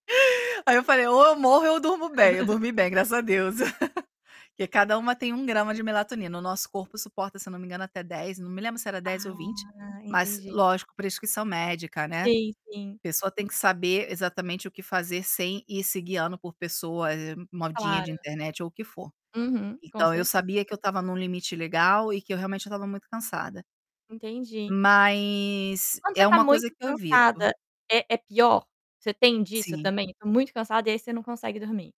Aí eu falei: "Ou eu morro, ou eu durmo bem", eu dormi bem graças a Deus, porque cada uma tem 1 grama de melatonina, o nosso corpo suporta se eu não me engano até 10, não me lembro se era dez ou 20, Ah, mas entendi. lógico prescrição médica, né. Sim, sim. Pessoa tem que saber exatamente o que fazer sem ir se guiando por pessoa, eh, modinha Claro. de internet ou o que for. Uhum, com Então, eu certeza. sabia que eu estava em um limite legal e que eu realmente eu estava muito cansada. Entendi. E Mas quando você é tá uma muito coisa que eu evito. cansada, é é pior? Você tem disso Sim. também: "Tô muito cansada" e aí você não consegue dormir?